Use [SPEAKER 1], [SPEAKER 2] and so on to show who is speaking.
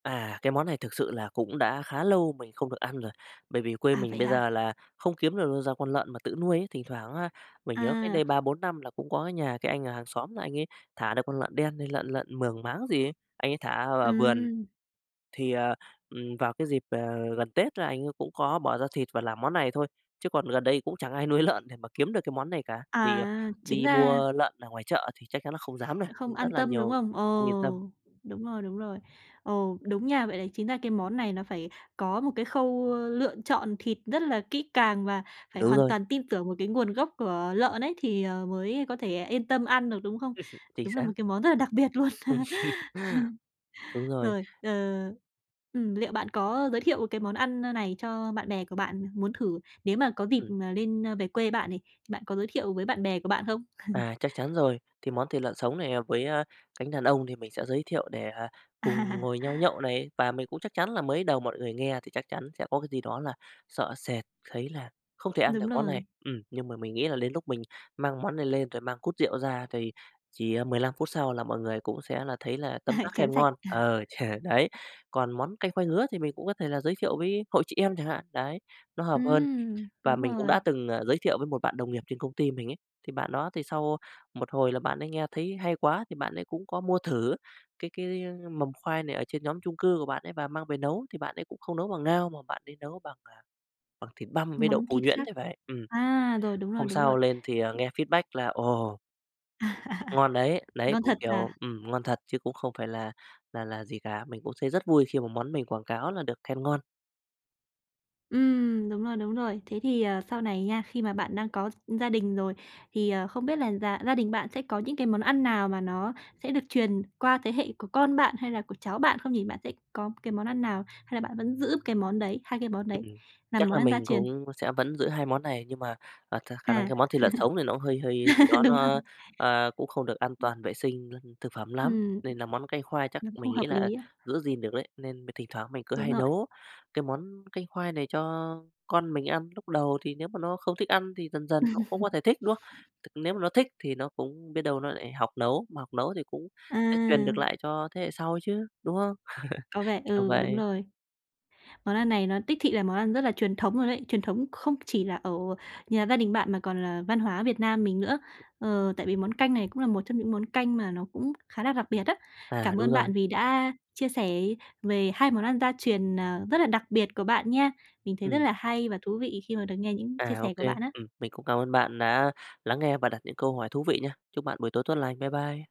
[SPEAKER 1] À, cái món này thực sự là cũng đã khá lâu mình không được ăn rồi. Bởi vì quê
[SPEAKER 2] À,
[SPEAKER 1] mình
[SPEAKER 2] vậy
[SPEAKER 1] bây
[SPEAKER 2] hả?
[SPEAKER 1] giờ là không kiếm được đâu ra con lợn mà tự nuôi ấy. Thỉnh thoảng á, mình nhớ cách
[SPEAKER 2] À.
[SPEAKER 1] đây 3-4 năm là cũng có cái nhà cái anh ở hàng xóm là anh ấy thả được con lợn đen hay lợn lợn Mường máng gì ấy. Anh ấy thả ở ở vườn,
[SPEAKER 2] Ừm.
[SPEAKER 1] thì, ờ, ừm, vào cái dịp, ờ, gần Tết là anh ấy cũng có bỏ ra thịt và làm món này thôi. Chứ còn gần đây cũng chẳng ai nuôi lợn để mà kiếm được cái món này cả, vì, ờ,
[SPEAKER 2] À, chính
[SPEAKER 1] đi
[SPEAKER 2] ra
[SPEAKER 1] mua lợn ở ngoài chợ thì chắc chắn là không dám rồi,
[SPEAKER 2] Không
[SPEAKER 1] rất
[SPEAKER 2] an
[SPEAKER 1] là
[SPEAKER 2] tâm, đúng
[SPEAKER 1] nhiều
[SPEAKER 2] không?
[SPEAKER 1] ừm,
[SPEAKER 2] Ừ,
[SPEAKER 1] không yên tâm.
[SPEAKER 2] đúng rồi, đúng rồi. Ừ, đúng nha. Vậy là chính ra cái món này nó phải có một cái khâu lựa chọn thịt rất là kỹ càng và phải
[SPEAKER 1] Đúng
[SPEAKER 2] hoàn
[SPEAKER 1] rồi.
[SPEAKER 2] toàn tin tưởng vào cái nguồn gốc của lợn ấy, thì, ờ, mới có thể là yên tâm ăn được, đúng không?
[SPEAKER 1] Chính
[SPEAKER 2] Đúng là
[SPEAKER 1] xác.
[SPEAKER 2] một cái món rất là đặc biệt luôn.
[SPEAKER 1] Đúng rồi.
[SPEAKER 2] Rồi, ờ, ừm, liệu bạn có giới thiệu cái món ăn n này cho bạn bè của bạn muốn thử, nếu mà có dịp,
[SPEAKER 1] Ừm.
[SPEAKER 2] ờ, lên về quê bạn này, bạn có giới thiệu với bạn bè của bạn không?
[SPEAKER 1] À, chắc chắn rồi. Thì món thịt lợn sống này hợp với, ờ, cánh đàn ông thì mình sẽ giới thiệu để, ờ, cùng
[SPEAKER 2] À.
[SPEAKER 1] ngồi nhau nhậu này. Và mình cũng chắc chắn là mới đầu mọi người nghe thì chắc chắn sẽ có cái gì đó là sợ sệt thấy là không thể ăn được
[SPEAKER 2] Đúng
[SPEAKER 1] món này.
[SPEAKER 2] rồi.
[SPEAKER 1] Ừm, nhưng mà mình nghĩ là đến lúc mình mang món này lên rồi mang cút rượu ra thì chỉ, ờ, 15 phút sau là mọi người cũng sẽ là thấy là tấm tắc
[SPEAKER 2] Chén
[SPEAKER 1] khen
[SPEAKER 2] sạch.
[SPEAKER 1] ngon. Ờ, đấy. Còn món canh khoai ngứa thì mình cũng có thể là giới thiệu với hội chị em chẳng hạn. Đấy, nó hợp hơn.
[SPEAKER 2] Ừm,
[SPEAKER 1] Và
[SPEAKER 2] đúng
[SPEAKER 1] mình cũng đã
[SPEAKER 2] rồi.
[SPEAKER 1] từng, ờ, giới thiệu với một bạn đồng nghiệp trên công ty mình ấy. Thì bạn đó thì sau một hồi là bạn ấy nghe thấy hay quá, thì bạn ấy cũng có mua thử cái cái mầm khoai này ở trên nhóm chung cư của bạn ấy và mang về nấu. Thì bạn ấy cũng không nấu bằng ngao mà bạn ấy nấu bằng, ờ, bằng thịt băm với đậu
[SPEAKER 2] Món
[SPEAKER 1] phụ
[SPEAKER 2] thịt
[SPEAKER 1] nhuyễn
[SPEAKER 2] khác.
[SPEAKER 1] thì phải. Ừm,
[SPEAKER 2] À, rồi, đúng rồi,
[SPEAKER 1] hôm
[SPEAKER 2] đúng rồi.
[SPEAKER 1] sau lên thì, ờ, nghe feedback là ồ ngon đấy. Đấy,
[SPEAKER 2] Ngon
[SPEAKER 1] cũng
[SPEAKER 2] thật
[SPEAKER 1] kiểu,
[SPEAKER 2] à.
[SPEAKER 1] ừm, ngon thật chứ cũng không phải là là là gì cả. Mình cũng thấy rất vui khi mà món mình quảng cáo là được khen ngon.
[SPEAKER 2] Ừm, đúng rồi, đúng rồi. Thế thì, ờ, sau này nha, khi mà bạn đang có gi gia đình rồi, thì, ờ, không biết là già gia đình bạn sẽ có những cái món ăn nào mà nó sẽ được truyền qua thế hệ của con bạn hay là của cháu bạn không nhỉ? Bạn sẽ có cái món ăn nào hay là bạn vẫn giữ cái món đấy, hai cái món đấy
[SPEAKER 1] Ừm,
[SPEAKER 2] là
[SPEAKER 1] chắc
[SPEAKER 2] món
[SPEAKER 1] là
[SPEAKER 2] ăn gia
[SPEAKER 1] mình
[SPEAKER 2] truyền?
[SPEAKER 1] cũng sẽ vẫn giữ hai món này nhưng mà, à, th khả năng
[SPEAKER 2] À.
[SPEAKER 1] thì món thịt lợn sống thì nó cũng hơi hơi gì đó
[SPEAKER 2] Đúng rồi.
[SPEAKER 1] nó, ờ, cũng không được an
[SPEAKER 2] Ừm.
[SPEAKER 1] toàn vệ sinh, ơ, thực phẩm lắm.
[SPEAKER 2] Ừm.
[SPEAKER 1] Nên là món canh khoai chắc
[SPEAKER 2] Nấm
[SPEAKER 1] mình
[SPEAKER 2] không
[SPEAKER 1] nghĩ
[SPEAKER 2] hợp
[SPEAKER 1] là
[SPEAKER 2] lý à.
[SPEAKER 1] giữ gìn được đấy. Nên thỉnh thoảng mình cứ
[SPEAKER 2] Đúng
[SPEAKER 1] hay
[SPEAKER 2] rồi.
[SPEAKER 1] nấu cái món canh khoai này cho con mình ăn. Lúc đầu thì nếu mà nó không thích ăn thì dần dần nó cũng có thể thích, đúng không? Th nếu mà nó thích thì nó cũng biết đâu nó lại học nấu, mà học nấu thì cũng sẽ truyền được
[SPEAKER 2] À.
[SPEAKER 1] lại cho thế hệ sau chứ, đúng không?
[SPEAKER 2] Có vẻ
[SPEAKER 1] Kiểu
[SPEAKER 2] ừ, đúng
[SPEAKER 1] vậy.
[SPEAKER 2] rồi. Món ăn này nó đích thị là món ăn rất là truyền thống luôn ấy. Truyền thống không chỉ là ở nhà gia đình bạn mà còn là văn hóa Việt Nam mình nữa. Ờ, tại vì món canh này cũng là một trong những món canh mà nó cũng khá là đặc biệt á.
[SPEAKER 1] À,
[SPEAKER 2] Cảm
[SPEAKER 1] đúng
[SPEAKER 2] ơn
[SPEAKER 1] rồi.
[SPEAKER 2] bạn vì đã chia sẻ về 2 món ăn gia truyền, ờ, rất là đặc biệt của bạn nha. Mình thấy rất
[SPEAKER 1] Ừm.
[SPEAKER 2] là hay và thú vị khi mà được nghe những chia
[SPEAKER 1] À,
[SPEAKER 2] sẻ
[SPEAKER 1] OK.
[SPEAKER 2] của bạn á.
[SPEAKER 1] Ừm, mình cũng cảm ơn bạn đã lắng nghe và đặt những câu hỏi thú vị nha. Chúc bạn buổi tối tốt lành. Bye bye.